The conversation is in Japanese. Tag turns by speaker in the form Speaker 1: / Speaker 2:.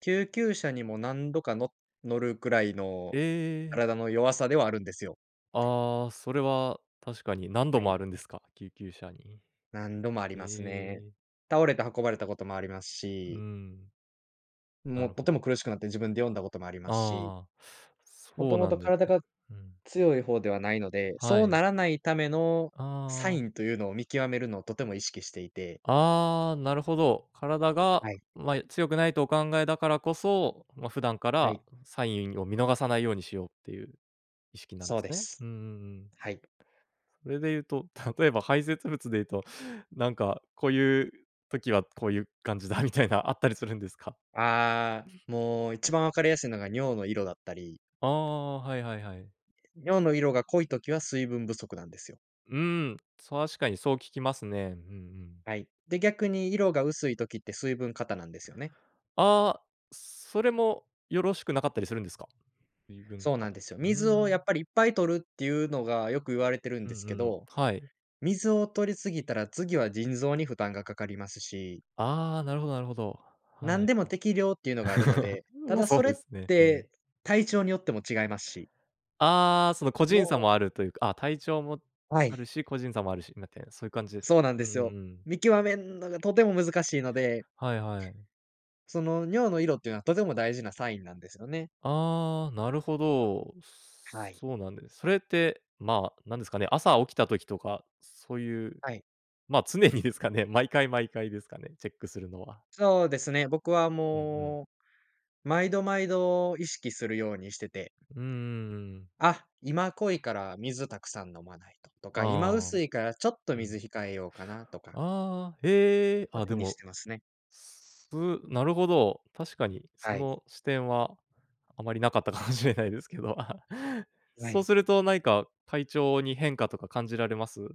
Speaker 1: 救急車にも何度か、の乗るくらいの、
Speaker 2: ええ。
Speaker 1: 体の弱さではあるんですよ。
Speaker 2: ああ、それは確かに何度
Speaker 1: は
Speaker 2: も
Speaker 1: い。
Speaker 2: あるんですか？救急車に。
Speaker 1: 何度もありますね。
Speaker 2: ええ。
Speaker 1: 倒れて運ばれたこともあります
Speaker 2: う
Speaker 1: し。
Speaker 2: ん。な
Speaker 1: も
Speaker 2: る
Speaker 1: うと
Speaker 2: ほ
Speaker 1: て
Speaker 2: ど。
Speaker 1: も苦しくなって、自分で呼んだこともありますし。
Speaker 2: ああ、
Speaker 1: も
Speaker 2: そ
Speaker 1: と
Speaker 2: う
Speaker 1: も
Speaker 2: な
Speaker 1: と
Speaker 2: んです
Speaker 1: 体
Speaker 2: ね。
Speaker 1: が
Speaker 2: うん。
Speaker 1: 強い方ではないので、
Speaker 2: は
Speaker 1: そう
Speaker 2: い。
Speaker 1: ならないためのサ
Speaker 2: あ
Speaker 1: イ
Speaker 2: あ。
Speaker 1: ンというのを見極めるのをとても意識していて。
Speaker 2: ああ、なるほど。体が、
Speaker 1: はい。
Speaker 2: ま、強くないとお考えだからこそ、ま、普段か
Speaker 1: は
Speaker 2: ら
Speaker 1: い。
Speaker 2: サインを見逃さないようにしようっていう意識なん
Speaker 1: そ
Speaker 2: で
Speaker 1: う
Speaker 2: す
Speaker 1: で
Speaker 2: ね。
Speaker 1: す。
Speaker 2: うんうんうん。
Speaker 1: はい。
Speaker 2: それでいうと、例えば排泄物でいうと、なんかこういう時はこういう感じだみたいなあったりするんですか？
Speaker 1: ああ、もう一番分かりやすいのが尿の色だったり
Speaker 2: ああ、はいはいはい。
Speaker 1: 尿の色が濃い時は水分不足なんですよ。
Speaker 2: うん、確かにそう聞きますね。うんうん。
Speaker 1: はい、で、逆に色が薄い時って水分過多なんですよね。
Speaker 2: ああ、それもよろしくなかったりするんですか？水分
Speaker 1: そうな
Speaker 2: 過
Speaker 1: ん
Speaker 2: 多。
Speaker 1: ですよ。
Speaker 2: うー
Speaker 1: 水をやっ
Speaker 2: ん。
Speaker 1: ぱりいっぱい取るっていうのが良く言われてるん
Speaker 2: うん
Speaker 1: で
Speaker 2: う
Speaker 1: すけ
Speaker 2: ん、
Speaker 1: ど、
Speaker 2: はい。
Speaker 1: 水を取り過ぎたら、次は腎臓に負担がかかりますし
Speaker 2: ああ、なるほどなるほど。
Speaker 1: な
Speaker 2: は
Speaker 1: ん
Speaker 2: い。
Speaker 1: でも適量っていうのがあるの で、た
Speaker 2: ま、
Speaker 1: だ
Speaker 2: そ
Speaker 1: そ
Speaker 2: う
Speaker 1: れっ
Speaker 2: ですね。うん。
Speaker 1: て体調によっても違いますし。
Speaker 2: ああ、その個人差
Speaker 1: も
Speaker 2: もあ
Speaker 1: うう
Speaker 2: るというか、あ、体調も
Speaker 1: は
Speaker 2: あ
Speaker 1: い。
Speaker 2: るし、個人差もあるし、なたいなそういう感じですか？
Speaker 1: そうなん
Speaker 2: う
Speaker 1: で
Speaker 2: んう
Speaker 1: すよ。
Speaker 2: んうん。
Speaker 1: 見極めんのがとても難しいので
Speaker 2: はいはい。
Speaker 1: その尿の色っていうのはとても大事なサインなんですよね。
Speaker 2: ああ、なるほど。
Speaker 1: はい。
Speaker 2: そうなんです。それって、まあ、なんですかね、朝起きた時とか、そういう、
Speaker 1: はい。
Speaker 2: ま、常にですかね、毎回毎回ですかね、チェックするのは？
Speaker 1: そうですね、僕は
Speaker 2: うん、うん。
Speaker 1: もう、毎度毎度意識するようにしてて。
Speaker 2: うんうんうん。
Speaker 1: あ、今濃いから水たくさん飲まないと、とか、今
Speaker 2: ああ、
Speaker 1: 薄いからちょっと
Speaker 2: う
Speaker 1: 水
Speaker 2: ん。
Speaker 1: 控えようかなとか
Speaker 2: ああ、ええ。
Speaker 1: は
Speaker 2: あ、
Speaker 1: 気
Speaker 2: で
Speaker 1: にし
Speaker 2: も、
Speaker 1: てますね。
Speaker 2: すぷなるほど、確かにそ
Speaker 1: はい。
Speaker 2: の視点はあまりなかったかもしれないですけど、
Speaker 1: は
Speaker 2: そう
Speaker 1: い。
Speaker 2: すると何か体調に変化とか感じられます？